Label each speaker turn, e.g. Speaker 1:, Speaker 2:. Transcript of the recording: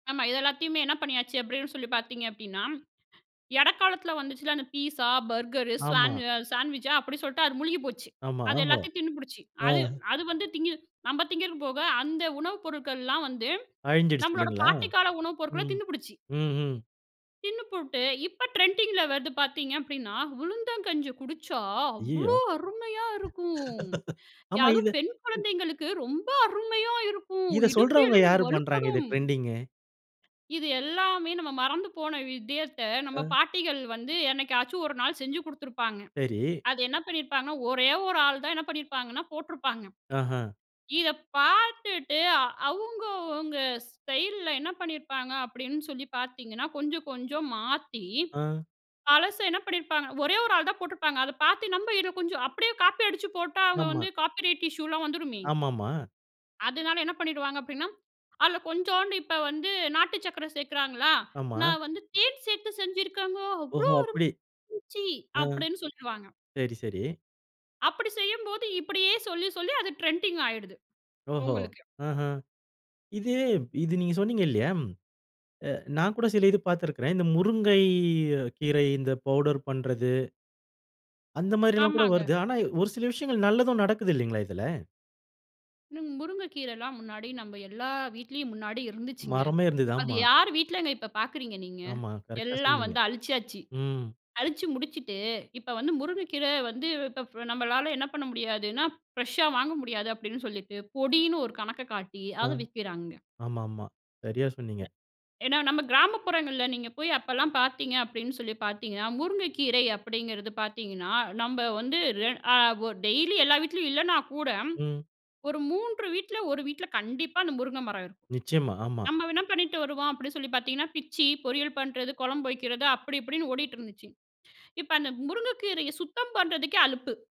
Speaker 1: ஆமா இத எல்லாத்தையுமே என்ன பண்ணியாச்சு அப்படின்னு சொல்லி பாத்தீங்க அப்படினா, இடைக்காலத்துல வந்துச்சுல்ல அந்த பீஸ்ஸா, பர்கரு,
Speaker 2: ஆமா.
Speaker 1: சாணு சாண்ட்விச்சா அப்படி சொல்லிட்டு அது முழுகி போச்சு.
Speaker 2: ஆமா,
Speaker 1: அது
Speaker 2: ஓஹோ!
Speaker 1: எல்லாத்தையும் தின்னுபுடிச்சு. அது
Speaker 2: ஆங்.
Speaker 1: அது வந்து திங்கி நம்ம திங்கிறக்கு போக, அந்த உணவு பொருட்கள்லாம் வந்து,
Speaker 2: அழிஞ்சிடுச்சு
Speaker 1: நம்பளோட
Speaker 2: இல்லைங்களா,
Speaker 1: பாட்டி கால உணவு பொருட்களை
Speaker 2: ம்,
Speaker 1: தின்னுபுடிச்சு.
Speaker 2: ம்ஹ்ம்.
Speaker 1: தின்னு போட்டு இப்போ ட்ரெண்டிங்கில வருது பாத்தீங்க அப்படின்னா, உளுந்தங்கஞ்சி குடிச்சா
Speaker 2: ஐயியோ!
Speaker 1: அவ்வளோ அருமையா இருக்கும்,
Speaker 2: ஆமா, இது.
Speaker 1: யாரும் பெண் குழந்தைங்களுக்கு ரொம்ப அருமையா இருக்கு,
Speaker 2: இதை
Speaker 1: இடுப்பு
Speaker 2: சொல்றவங்க
Speaker 1: எலும்பு
Speaker 2: யார் பண்ணுறாங்க?
Speaker 1: வலுப்படும்.
Speaker 2: இதை ட்ரெண்டிங்?
Speaker 1: இது எல்லாமே நம்ம மறந்து போன விஷயத்த நம்ம
Speaker 2: ஆ.
Speaker 1: பாட்டிகள் வந்து என்னைக்காச்சும் ஒரு நாள் செஞ்சு குடுத்துருப்பாங்க.
Speaker 2: சரி.
Speaker 1: அது என்ன பண்ணியிருப்பாங்கன்னா ஒரே ஒரு ஆள் தான் என்ன பண்ணியிருப்பாங்கன்னா போட்ருப்பாங்க,
Speaker 2: ஆஹா.
Speaker 1: இதை பாத்துட்டு, அவங்க அவங்க ஸ்டைல்ல என்ன பண்ணிருப்பாங்க அப்படின்னு சொல்லி பாத்தீங்கன்னா, கொஞ்சம், கொஞ்சம் மாத்தி
Speaker 2: ஆங்.
Speaker 1: பழச என்ன பண்ணியிருப்பாங்க, ஒரே ஒரு ஆள் தான் போட்டிருப்பாங்க, அதை பாத்து நம்ப இதை கொஞ்சம் அப்படியே காப்பி அடிச்சு போட்டா அவங்க
Speaker 2: ஆமா.
Speaker 1: வந்து காப்பி ரைட் இஷ்யூ எல்லாம் வந்துருமே.
Speaker 2: ஆமாமா.
Speaker 1: அதுனால என்ன பண்ணிருவாங்க அப்டீன்னா, அதுல கொஞ்சோண்டு இப்ப வந்து நாட்டு சக்கரை சேர்க்கிறாங்களா,
Speaker 2: ஆமா.
Speaker 1: நான் வந்து தேன் சேர்த்து செஞ்சிருக்காங்க அவ்வளோ
Speaker 2: ஓஹோ! அப்படி,
Speaker 1: அருமையா இருந்துச்சு,
Speaker 2: ஆ
Speaker 1: அப்படின்னு சொல்லுவாங்க.
Speaker 2: சரி, சரி.
Speaker 1: அப்படி செய்யும்போது இப்படியே சொல்லி சொல்லி அது ட்ரெண்டிங் ஆயிடுது,
Speaker 2: ஓஹோ!
Speaker 1: உங்களுக்கு.
Speaker 2: ஆஹ. இது இது நீங்க சொன்னீங்க இல்லையா? அ நான் கூட சில இது பாத்திருக்கிறேன். இந்த முருங்கை கீரை இந்த பவுடர் பண்றது அந்த மாரி எல்லாம் கூட
Speaker 1: ஆமாங்க.
Speaker 2: வருது, ஆனா ஒரு சில விஷயங்கள் நல்லதும் நடக்கிது இல்லைங்களா இதுல?
Speaker 1: இன் முருங்கைக்கீரைலாம் முன்னாடி நம்ம எல்லா வீட்லயும் முன்னாடி இருந்துச்சுங்க,
Speaker 2: மரமே இருந்தது
Speaker 1: அது
Speaker 2: ஆமா.
Speaker 1: யார் வீட்லங்க இப்போ பாக்குறீங்க நீங்க?
Speaker 2: ஆமா, கரெக்ட்டா
Speaker 1: எல்லாம்
Speaker 2: சொன்னீங்க.
Speaker 1: வந்து அழிச்சிசாச்சு.
Speaker 2: ம்.
Speaker 1: அழிச்சு முடிச்சுட்டு, இப்ப வந்து முருங்கைக்கீரை வந்து இப்போ ஃப் நம்மளால என்ன பண்ண முடியாதுன்னா, ஃப்ரெஷ்ஷா வாங்க முடியாது அப்படின்னு சொல்லிட்டு பொடின்னு ஒரு கணக்க காட்டி
Speaker 2: ஆ,
Speaker 1: அதை விற்கிறாங்கங்க.
Speaker 2: ஆமா, ஆமா. சரியா சொன்னீங்க.
Speaker 1: ஏன்னா, நம்ம கிராமப்புறங்களில நீங்க போய் அப்பலாம் பாத்தீங்க அப்படின்னு சொல்லி பாத்தீங்கன்னா, முருங்கைக்கீரை அப்டீங்கிறது பாத்தீங்கன்னா, நம்ம வந்து ரெ அ ஒ டெய்லி எல்லா வீட்லேயும் இல்லைன்னா கூட,
Speaker 2: ம்.
Speaker 1: ஒரு 3 வீட்ல, 1 வீட்ல கண்டிப்பா அந்த முருங்கை மரம் இருக்கும்.
Speaker 2: நிச்சயமா ஆமா.
Speaker 1: நம்ம வேணா பண்ணிட்டு வருவோம் அப்படின்னு சொல்லி பாத்தீங்கன்னா, பிச்சி பொரியல் பண்ணுறது, குழம்பு வைக்கிறது அப்படி இப்படின்னு ஓடிட்டு இருந்துச்சு. இப்ப அந்த முருங்கைக்கீரையை சுத்தம் பண்ணுறதுக்கே அலுப்பு.